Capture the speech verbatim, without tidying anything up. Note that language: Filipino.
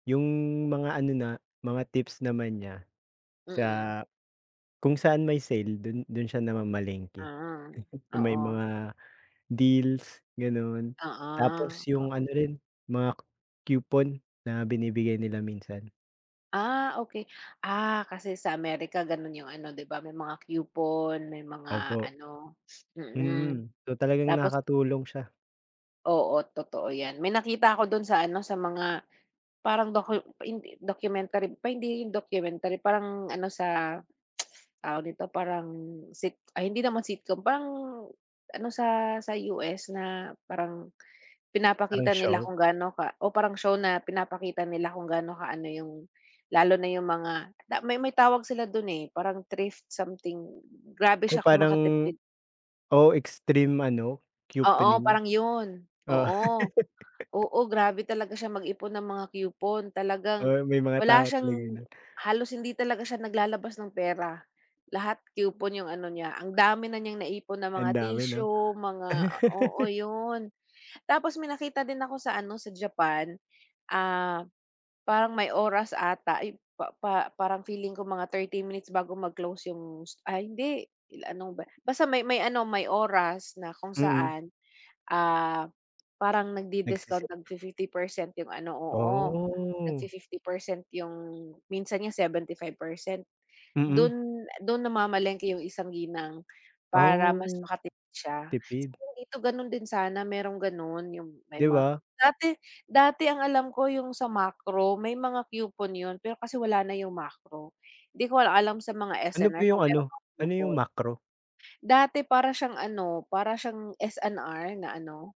Yung, mga ano na, mga tips naman niya, sa, Mm. kung saan may sale, do'n, do'n siya naman namamalengke. Mm, Yung may oo. mga deals, gano'n, Oo, tapos yung ano oo. rin, mga coupon na binibigay nila minsan. Ah, okey. Ah, kasi sa Amerika gano'n yung ano, 'di ba, may mga coupon, may mga Opo. ano mm, Mm, so, talagang tapos nakakatulong siya. Oo, totoo yan, may nakita ako do'n sa ano, sa mga parang docu hindi, documentary, pa hindi 'yon documentary, parang ano sa, tawag dito, parang sit ay, hindi naman sitcom, parang ano sa sa U-S, na parang Parang pinapakita nila show? kung gaano ka o parang show, na pinapakita nila kung gaano kaano yung, lalo na yung mga may may tawag sila do'n, eh, parang thrift something, grabe Ko siya kung parang, makatipid. oo, extreme ano, Oo, couponing. parang 'yon, Oo. oo, oo, grabe talaga siyang mag-ipon ng mga coupon, talagang Oo, may mga wala tao talaga siyang, na halos hindi talaga siya naglalabas ng pera, lahat coupon yung ano niya, ang dami na niyang naipon na Ang mga dami, 'no? tissue, mga oo, 'yon. Tapos may nakita din ako sa ano, sa Japan, ah, parang may oras ata. Ay, pa pa parang feeling ko mga thirty minutes bago mag-close yung, st ah, hindi, ila ano ba basta may may ano, may oras na kung Mm. saan, ah, parang nag-di-discount Nagsi-set. ng fifty percent yung ano, oo, Oh. nag-fi-fifty percent yung minsan nga seventy-five percent. Mm. Do'n, do'n namamalengke yung isang ginang, para mas Oh, maka tipid siya. tipid. Sana dito gano'n din sana merong gano'n, yung may 'Di mga ba? dati dati ang alam ko yung sa Makro, may mga coupon 'yon, pero kasi wala na yung Makro, 'di ko lang alam sa mga Ano po S&R yung kung meron ano, mga ano yung coupon. Makro? Dati, para siyang ano, para siyang S&R, na ano